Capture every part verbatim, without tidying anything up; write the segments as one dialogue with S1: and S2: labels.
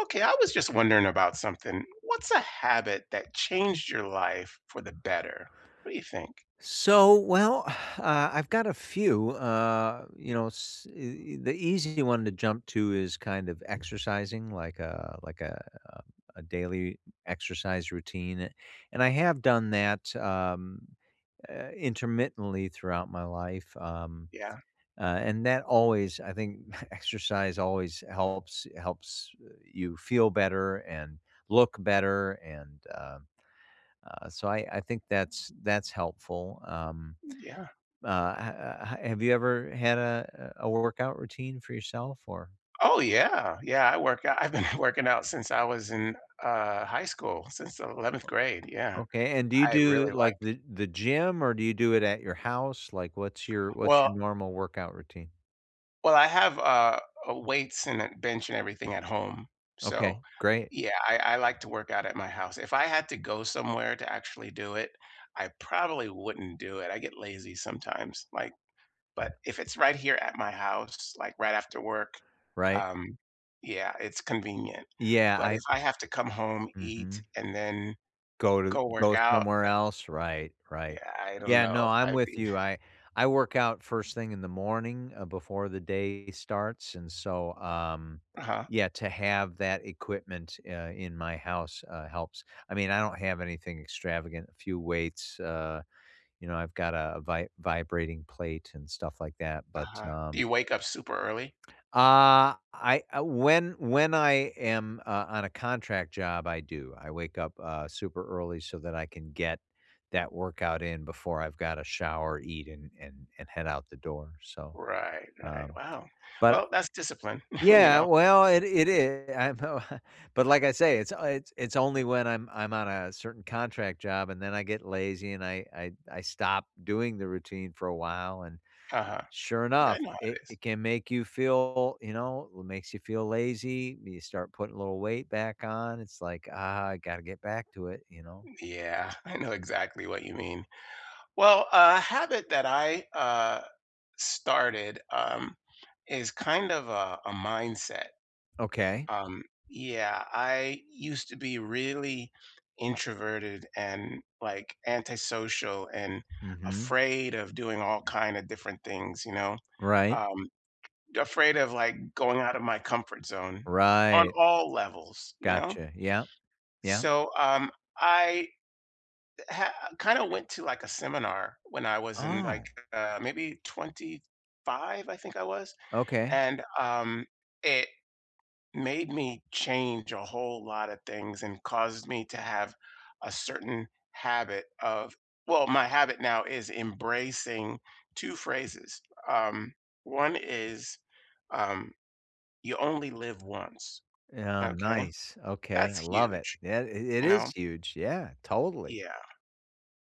S1: Okay, I was just wondering about something. What's a habit that changed your life for the better? What do you think?
S2: So, well, I've got a few, uh, you know, s e e the easy one to jump to is kind of exercising, like a like a um, a daily exercise routine; and I have done that, um, eh, intermittently throughout my life, um,
S1: Yeah.
S2: uh, and that always I think exercise always helps helps, eh you feel better and look better, and, um, uh, so I I think that's that's helpful, um,
S1: Yeah.
S2: uh, h h have you ever had a a workout routine for yourself? Or
S1: Oh, yeah. Yeah, I work out, I've been working out since I was in, uh, high school, since eleventh
S2: O
S1: grade, yeah.
S2: okay, and do you
S1: I
S2: do,
S1: really
S2: like,
S1: like
S2: the the gym, or do you do it at your house? Like, what's your what's your
S1: Well
S2: normal workout routine?
S1: Well I have, uh uh, weights and a bench and everything at home, so,
S2: Okay. Great.
S1: yeah, I I like to work out at my house. If I had to go somewhere to actually do it, I probably wouldn't do it, I get lazy sometimes, like but if it's right here at my house, like, right after work,
S2: Right.
S1: um, yeah, it's convenient.
S2: Yeah,
S1: But if
S2: I
S1: I have to come home, eat,
S2: Mhm.
S1: and then
S2: Go to
S1: go work
S2: go
S1: out,
S2: somewhere
S1: that
S2: else, right,
S1: Y
S2: right.
S1: Yeah, I don't
S2: Yeah,
S1: know
S2: no,
S1: if
S2: I'm
S1: I'd be
S2: with you. I I work out first thing in the morning, uh, before the day starts, and so, um,
S1: Uh-huh.
S2: yeah, to have that equipment, uh, in my house, uh, helps. I mean, I don't have anything extravagant, a few weights, uh, you know, I've got a vi vibrating plate and stuff like that, but,
S1: Uh-huh. Do
S2: um
S1: you wake up super early?
S2: Uh, I uh when when I am, uh, on a contract job, I do. I wake up, uh, super early so that I can get that workout in before I've gotta shower, eat, and and and head out the door, so,
S1: Right, right.
S2: um,
S1: Wow.
S2: but
S1: Well, that's discipline, you
S2: yeah,
S1: know?
S2: well, it it is, I know, but like I say, it's o it's it's only when I'm I'm on a certain contract job, and then I get lazy, and I I I stop doing the routine for a while, and
S1: Uh-huh.
S2: sure
S1: Yeah, I
S2: enough,
S1: know how
S2: it
S1: it is.
S2: it can make you feel, you know, it makes you feel lazy, you start putting a little weight back on, it's like, "Ah, I gotta get back to it," you know?
S1: Yeah, I know exactly what you mean. Well, a habit that I, uh, started, um, is kind of, uh, a mindset.
S2: Okay.
S1: Um yeah, I used to be really introverted and, like, antisocial and
S2: Mhm.
S1: afraid of doing all kinda different things, you know?
S2: Right.
S1: Um, afraid of, like, going out of my comfort zone on
S2: Right.
S1: all levels, you know?
S2: Gotcha. Yep. Yep.
S1: So, um, I eh ha kind of went to, like, a seminar when I was in, like,
S2: Oh.
S1: uh, maybe twenty-five, I think I was,
S2: Okay.
S1: and, um, it made me change a whole lotta things and causes me to have a certain habit of well, my habit now is embracing two phrases. Um, one is, um, "You only live once,"
S2: Yeah,
S1: okay?
S2: nice, okay,
S1: That's
S2: I love it.
S1: huge.
S2: Yeah, it it
S1: You
S2: is
S1: know?
S2: huge, yeah, totally.
S1: Yeah.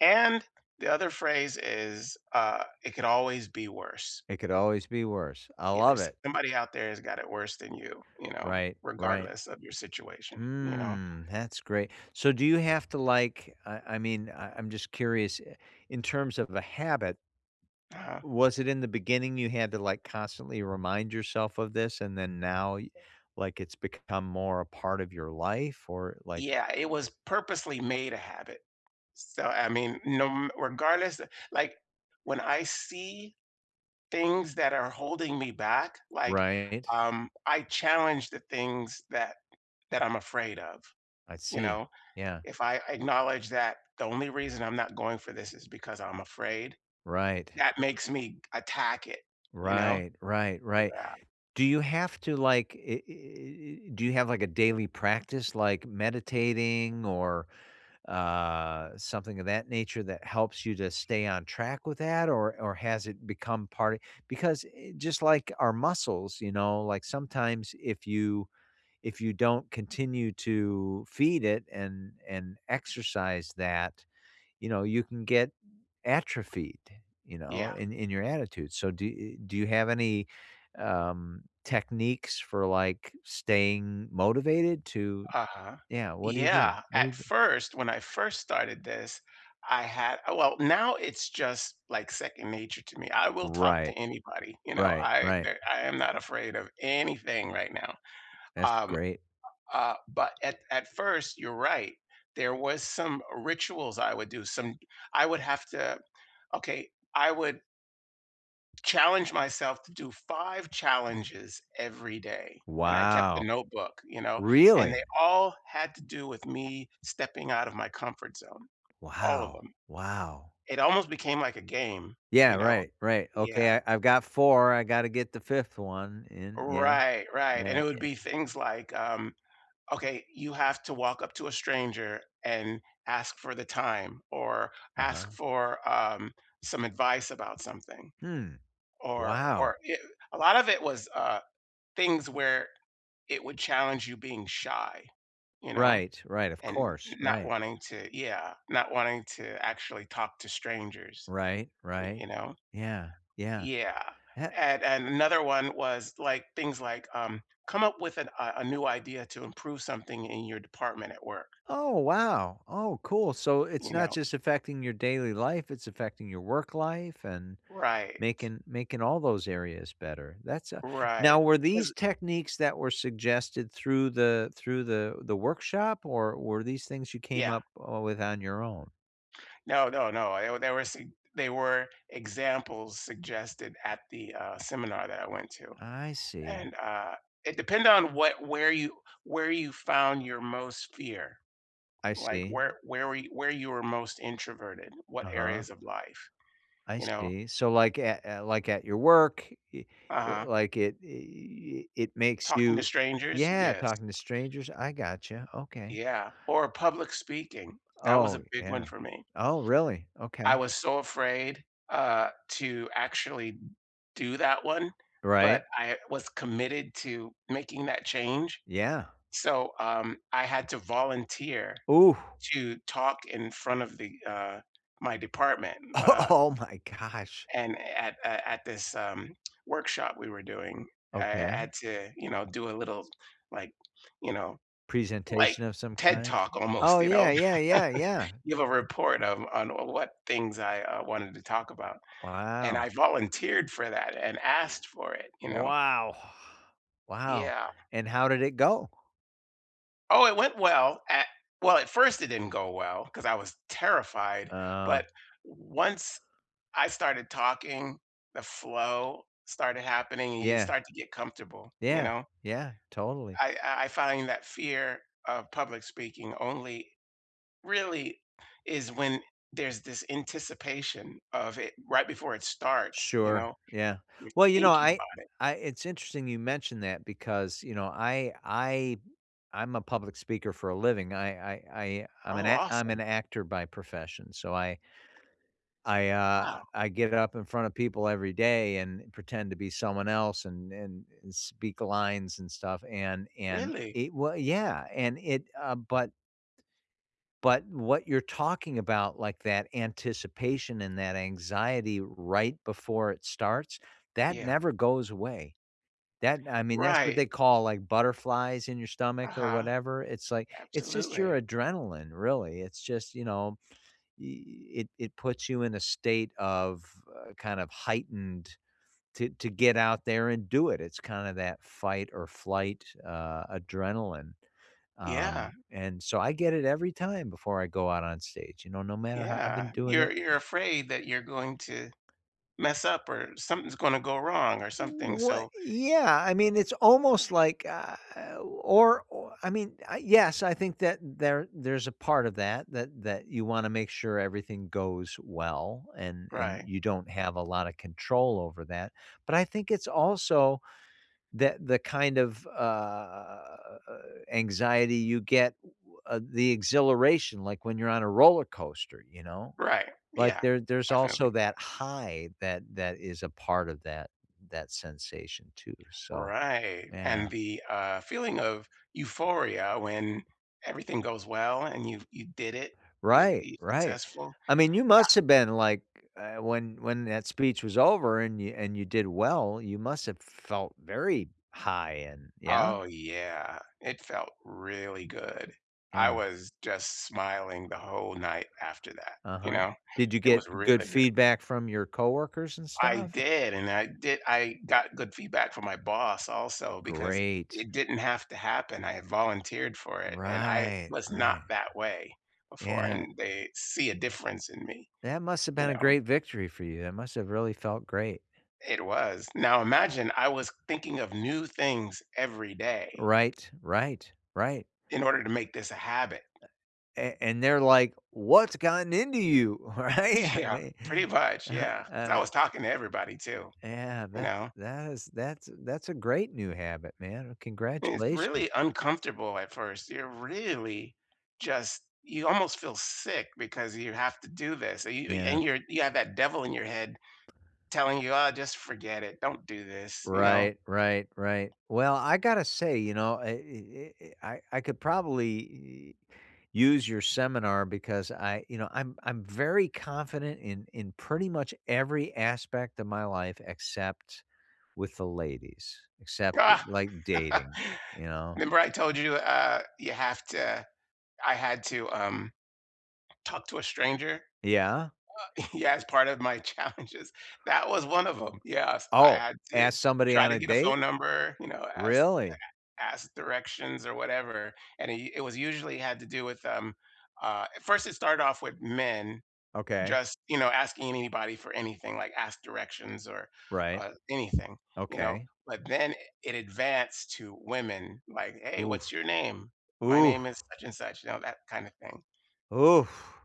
S1: And the other phrase is, uh, "It can always be worse."
S2: It could always be worse, I
S1: Yeah,
S2: love
S1: there's
S2: it.
S1: somebody out there whose got it worse than you, you know,
S2: Right, right.
S1: regardless of your situation, you know?
S2: Mm, that's great. So do you have to, like, I I mean, I I'm just curious, i in terms of a habit
S1: Uh-huh.
S2: was it in the beginning you had to, like, constantly remind yourself of this, and then now, like, it's become more a part of your life or, like
S1: Yeah, it was purposely made a habit. So, I mean, you kno m regardless, like, when I see things that are holding me back, like,
S2: Right.
S1: um, I challenge the things that that I'm afraid of.
S2: I
S1: You
S2: see.
S1: know?
S2: Yeah.
S1: If I acknowledge that the only reason I'm not going for this is because I'm afraid,
S2: Right.
S1: that makes me attack it, you know?
S2: Right, right, right.
S1: Yeah.
S2: Do you have to, like, eh eh eh eh do you have, like, a daily practice, like meditating or, uh something of that nature that helps you to stay on track with that, or or has it become part because, eh, just like our muscles, you know, like, sometimes if you if you don't continue to feed it and and exercise that, you know, you can get atrophied, you know,
S1: Yeah.
S2: in in your attitude, so do e e do you have any, um, techniques for, like, staying motivated to
S1: Uh-huh.
S2: yeah, what do you do?
S1: Yeah.
S2: What do
S1: At
S2: you do?
S1: first, when I first started this, I had well, now it's just, like, second nature to me, I will talk to
S2: Right.
S1: anybody, you know,
S2: Right,
S1: I
S2: right.
S1: der I am not afraid of anything right now.
S2: That's
S1: Um
S2: great.
S1: uh, but at at first, you're right. There was some rituals I would do, some I would have to okay, I would challenge myself to do five challenges every day, and I kept
S2: Wow.
S1: the notebook, you know? And they
S2: Really?
S1: all had to do with me stepping out of my comfort zone. All of
S2: Wow.
S1: 'em.
S2: Wow.
S1: It almost became like a game,
S2: Yeah,
S1: you know?
S2: right, right,
S1: Yeah.
S2: okay. "I I've got four, I gotta get the fifth one in," yeah.
S1: Right, right, and
S2: Yeah,
S1: it would
S2: yeah.
S1: be things like, um, "Okay, you have to walk up to a stranger and ask for the time or ask
S2: Uh-huh.
S1: for, um, some advice about something."
S2: Hmm.
S1: Or
S2: Wow.
S1: or eh a lot of it was, uh, things where it would challenge you being shy, you know?
S2: Right, right, of
S1: And
S2: course,
S1: not
S2: right.
S1: wanting to yeah, not wanting to actually talk to strangers.
S2: Right,
S1: Y
S2: right.
S1: you know?
S2: Yeah, yeah.
S1: Yeah,
S2: Had
S1: and and another one was, like, things like, um, "Come up with a a new idea to improve something in your department at work."
S2: Oh, wow. Oh, cool. So it's
S1: You
S2: not
S1: know?
S2: just affecting your daily life, it's affecting your work life and
S1: Right.
S2: making making all those areas better. That's a
S1: Right.
S2: now were these
S1: 'Cause
S2: techniques that were suggested through the through the the workshop, or were these things you came
S1: Yeah.
S2: up, uh, with on your own?
S1: No, no, no, I oh, there were some they were examples suggested at the, uh, seminar that I went to,
S2: I see.
S1: and, uh, it depended on what where you where you found your most fear.
S2: I
S1: Like,
S2: see.
S1: whe where you where you were most introverted, what
S2: Uh-huh.
S1: areas of life,
S2: I
S1: you know?
S2: see, so, like, a at like, at your work, i l
S1: Uh-huh.
S2: like, it i i it makes
S1: Talking to
S2: you
S1: strangers?
S2: Yeah,
S1: Yes.
S2: talking to strangers. I gotcha, okay.
S1: Yeah, or public speaking. That was
S2: Oh,
S1: a big one
S2: yeah.
S1: for me.
S2: Oh, really?
S1: I
S2: Okay.
S1: was so afraid, uh, to actually d do that one, but
S2: Right.
S1: I was committed to making that change,
S2: Yeah.
S1: so, um, I had to volunteer
S2: Ooh.
S1: to talk in front of the, uh my department,
S2: O
S1: uh
S2: Oh my gosh.
S1: and at at at this, um, workshop we were doing, I
S2: Okay.
S1: had to, you know, do a little, like, you know, like,
S2: Presentation of some
S1: TED
S2: kind?
S1: talk, almost,
S2: Oh,
S1: you know?
S2: yeah, yeah, yeah, yeah.
S1: Give a report of on w what things I, uh, wanted to talk about, and
S2: Wow.
S1: I volunteered for that, and
S2: W
S1: asked for it, you know?
S2: Wow! Wow.
S1: Yeah.
S2: And how did it go?
S1: Oh, it went well, a Well, at first, it didn't go well 'cause I was terrified,
S2: Oh.
S1: but once I started talking, the flow started happening, and you
S2: Yeah.
S1: start to get comfortable, you
S2: Yeah,
S1: know?
S2: yeah, totally.
S1: I I I find that fear of public speaking only really is when there's this anticipation of it right before it starts, you
S2: Sure,
S1: know?
S2: yeah,
S1: You're
S2: well, you know,
S1: thinking
S2: I
S1: about it.
S2: I it's interesting you mentioned that because, you know, I I I'm a public speaker for a living. I I I I'm an
S1: Oh,
S2: act I'm an
S1: awesome.
S2: actor by profession, so I I, uh,
S1: Wow.
S2: I get up in front of people every day and pretend to be someone else an an and speak lines and stuff, and and
S1: Really?
S2: it wa Yeah, and it uh, but but what you're talking about, like that anticipation and that anxiety right before it starts, that
S1: Yeah.
S2: never goes away. That I mean, that's what
S1: Right.
S2: they call like butterflies in your stomach or
S1: Uh-huh.
S2: whatever. It's like, it's just
S1: Absolutely.
S2: your adrenaline, really. It's just, you know, i i it it puts you in a state of, uh, kind of heightened to to get out there and do it. It's kinda that fight or flight, uh, adrenaline,
S1: Yeah.
S2: um, and so I get it every time before I go out on stage, you know, no matter how I've been
S1: Yeah,
S2: doing
S1: you're
S2: it
S1: you're
S2: [unintelligible]
S1: afraid that you're going to mess up or something's gonna go wrong or something,
S2: What
S1: so
S2: Yeah, I mean, it's almost like, uh or o I mean, I yes. I think that there there's a part of that that that you wanna make sure everything goes well, and and
S1: Right.
S2: you don't have a lotta control over that. But I think it's also that the kind of, u uh, anxiety you get, w uh, the exhilaration, like when you're on a roller coaster, you know.
S1: Right,
S2: Like
S1: yeah,
S2: there there's
S1: definitely.
S2: also that high that that is a part of that that sensation too, so
S1: Right,
S2: yeah.
S1: and the, uh, feeling of euphoria when everything goes well and you've you did it, you
S2: Right,
S1: i
S2: right,
S1: uccessful
S2: I mean, you
S1: Yeah.
S2: must've been, like uh, when when that speech was over and you and you did well, you must've felt very high and Yeah?
S1: Oh, yeah. It felt really good. I
S2: Yeah.
S1: was just smiling the whole night after that, you
S2: Uh-huh,
S1: know,
S2: did you
S1: it was
S2: get
S1: really
S2: good
S1: good.
S2: feedback from your coworkers and
S1: I
S2: stuff or
S1: did, and I di I got good feedback from my boss also because
S2: Great.
S1: it didn't have to happen, I volunteered for it, and I
S2: Right,
S1: was not
S2: right.
S1: that way before,
S2: Yeah
S1: and
S2: a
S1: they see a difference in me.
S2: That must've
S1: You
S2: been a
S1: know?
S2: great victory for you. That must have really felt great.
S1: It was. Now imagine I was thinking of new things every day
S2: Right, right, right.
S1: in order to make this a habit.
S2: A a and they're like, "What's gotten into you?" Right,
S1: Yeah.
S2: they,
S1: Pretty much,
S2: uh-huh,
S1: yeah, 'cause I
S2: uh
S1: was talking to everybody too.
S2: Yeah,
S1: You
S2: that's
S1: know?
S2: that is that's that's a great new habit, man,
S1: It's really
S2: congratulations.
S1: uncomfortable at first. You're really just you almost feel sick because you have to do this, and y
S2: Yeah.
S1: and your you have that devil in your head telling you, "Oh, just forget it, don't do this." You know?
S2: Right, right, right, well, I gotta say, you know, I, eh eh eh, I I could probably u use your seminar because I you know, I'm I'm very confident in in pretty much every aspect of my life except with the ladies. Except
S1: Ah!
S2: like, dating, you know?
S1: 'Member I told you, uh, you have to I had to, um talk to a stranger?
S2: Yeah?
S1: Well yeah as part of my challenges. That was one of 'em. Yes, I
S2: Oh,
S1: had to
S2: ask somebody
S1: try
S2: on
S1: to
S2: a
S1: get a
S2: date?
S1: phone number, you know, ask,
S2: Really?
S1: a a ask directions or whatever, and i it was usually had to do with, um, uh at first it started off with men
S2: Okay.
S1: just, you know, asking anybody for anything, like ask directions or,
S2: Right.
S1: uh, anything, you know;
S2: Okay.
S1: but then it advanced to women, like, "Hey,
S2: Ooh,
S1: what's your name? My
S2: oof!
S1: name is such and such," you know, that kind of thing.
S2: Oof,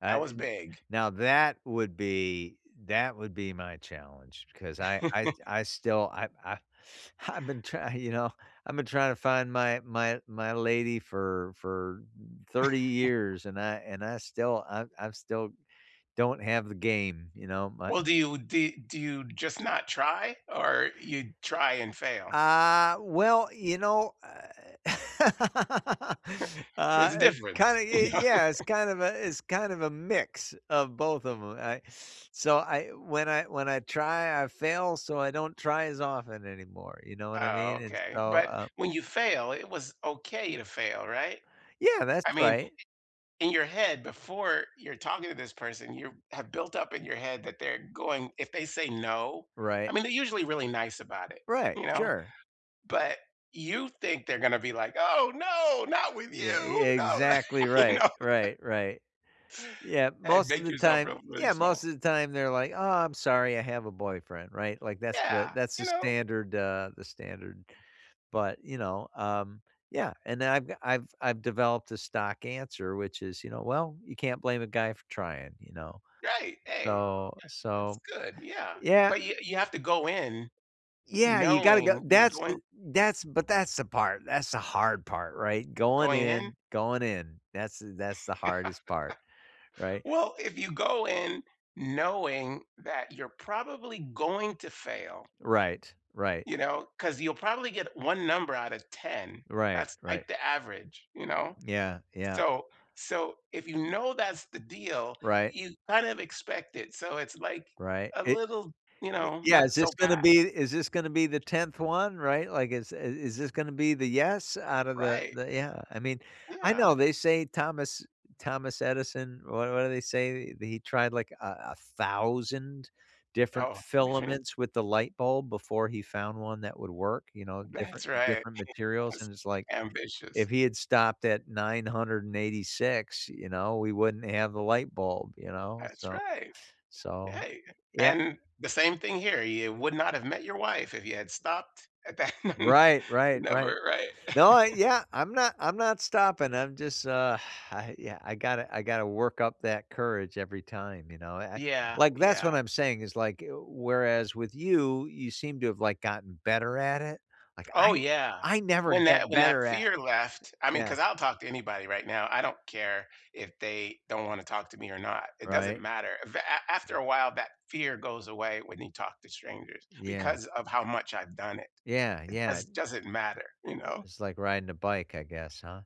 S2: I
S1: That was
S2: n
S1: big.
S2: now that would be that would be my challenge because I I I still I I I've been try you know, I've been trying to find my my my lady for for thirty years and I and I still I I still don't have the game, you know, my
S1: Well, do you d do you just not try or you try and fail?
S2: Uh, well, you know, eh
S1: There's a
S2: uh eh
S1: difference.
S2: kinda
S1: You
S2: ye
S1: know?
S2: yeah. It's kind of a it's kind of a mix of both of 'em. I so I when I when I try, I fail, so I don't try as often anymore, you know what I
S1: Oh,
S2: mean? And
S1: okay,
S2: so,
S1: but
S2: um
S1: when you fail, it was okay to fail, right?
S2: Yeah, that's
S1: I mean,
S2: right.
S1: in your head, before you're talking to this person, you have built up in your head that they're going if they say no I
S2: Right.
S1: mean, they're usually really nice about it,
S2: Right,
S1: you know.
S2: sure.
S1: But you think they're gonna be like, "Oh, no, not with
S2: Yeah, ye
S1: you, no!"
S2: exactly
S1: You
S2: right,
S1: know
S2: right, right. Yeah,
S1: And
S2: most of
S1: make
S2: the
S1: yourself
S2: time
S1: feel really
S2: Yeah,
S1: small.
S2: most of the time, they're like, "Aw, I'm sorry, I have a boyfriend," right, like, that's the
S1: Yeah,
S2: that's
S1: you
S2: the
S1: know?
S2: standard, uh the standard but, you know, um Yeah, and then I've I've I've developed a stock answer, which is you know, "Well, you can't blame a guy for trying, you know"
S1: Right, hey, that
S2: So
S1: that's
S2: so
S1: good, yeah.
S2: Yeah.
S1: But you you have to go in
S2: Yeah, you gotta g
S1: knowing you're
S2: that's
S1: going
S2: th that's but that's the part that's the hard part, right? Going
S1: Going in?
S2: in going in. That's the that's the hardest part. Right?
S1: Well, if you go in knowing that you're probably going to fail
S2: Right, right.
S1: You know, 'cause you'll probably get one number out of ten.
S2: Right,
S1: That's like
S2: right.
S1: the average, you know.
S2: Yeah, yeah.
S1: So so, if you know that's the deal,
S2: Right.
S1: you kind of expect it, so it's like
S2: Right,
S1: a
S2: i
S1: little, you
S2: Y
S1: know,
S2: yeah,
S1: not
S2: is
S1: so
S2: this gonna
S1: bad.
S2: be is this gonna be the tenth one? Right, like, is i is this gonna be the "yes" out of the
S1: Right.
S2: the Yeah. I mean, I
S1: Yeah.
S2: know they say Thomas Thomas Edison what what do they say? He tried, like a a thousand different
S1: Oh, definit
S2: filaments with the light bulb before he found one that would work, you know,
S1: That's
S2: different
S1: right, it
S2: different materials;
S1: was
S2: and it's like,
S1: ambitious.
S2: if he had stopped at nine hundred and eighty-six, you know, we wouldn't have the light bulb, you know,
S1: That's
S2: so
S1: right.
S2: so
S1: Hey, y
S2: y yeah.
S1: and the same thing here. You would not have met your wife if you had stopped at that.
S2: Right, right, right.
S1: Never, right?
S2: No, I Yeah, I'm not I'm not stopping. I'm just, uh, I yeah, I gotta I gotta work up that courage every time, you know. I I
S1: Yeah,
S2: like, that's
S1: yeah.
S2: what I'm saying is like, w whereas with you, you seem to have, like, gotten better at it. Like,
S1: Oh,
S2: I
S1: yeah,
S2: I never
S1: when
S2: get
S1: that when that
S2: better at
S1: fear left I mean,
S2: Yeah.
S1: 'cause I'll talk to anybody right now, I don't care if they don't wanna talk to me or not, it doesn't
S2: Right?
S1: matter, af after a while, that fear goes away when you talk to strangers
S2: Yeah.
S1: because of how much I've done it.
S2: Yeah,
S1: It
S2: yeah.
S1: does doesn't matter, you know?
S2: It's like riding a bike, I guess, huh?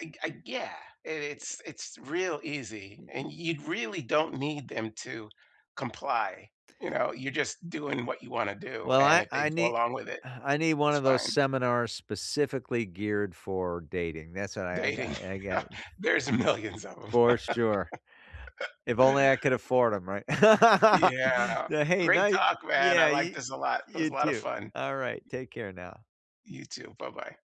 S1: I g I g Yeah, it
S2: Yeah.
S1: it's it's real easy,
S2: Y y
S1: and you really don't need them to comply, you know, you're just doing what you want to do,
S2: Well,
S1: and
S2: I
S1: if they
S2: I
S1: go
S2: n
S1: along with it,
S2: I need one
S1: it's
S2: of those
S1: fine.
S2: seminars sp ecifically geared for dating, that's what I I got
S1: Dating,
S2: I got
S1: there's a millions of 'em.
S2: For sure. If only I could afford 'em, right?
S1: Yeah,
S2: So, hey,
S1: great
S2: ni
S1: talk, man, I
S2: Yeah,
S1: like
S2: y y
S1: this a lot. It was
S2: you
S1: a lot of
S2: too,
S1: fun.
S2: alright, take care now.
S1: You too, buh-bye.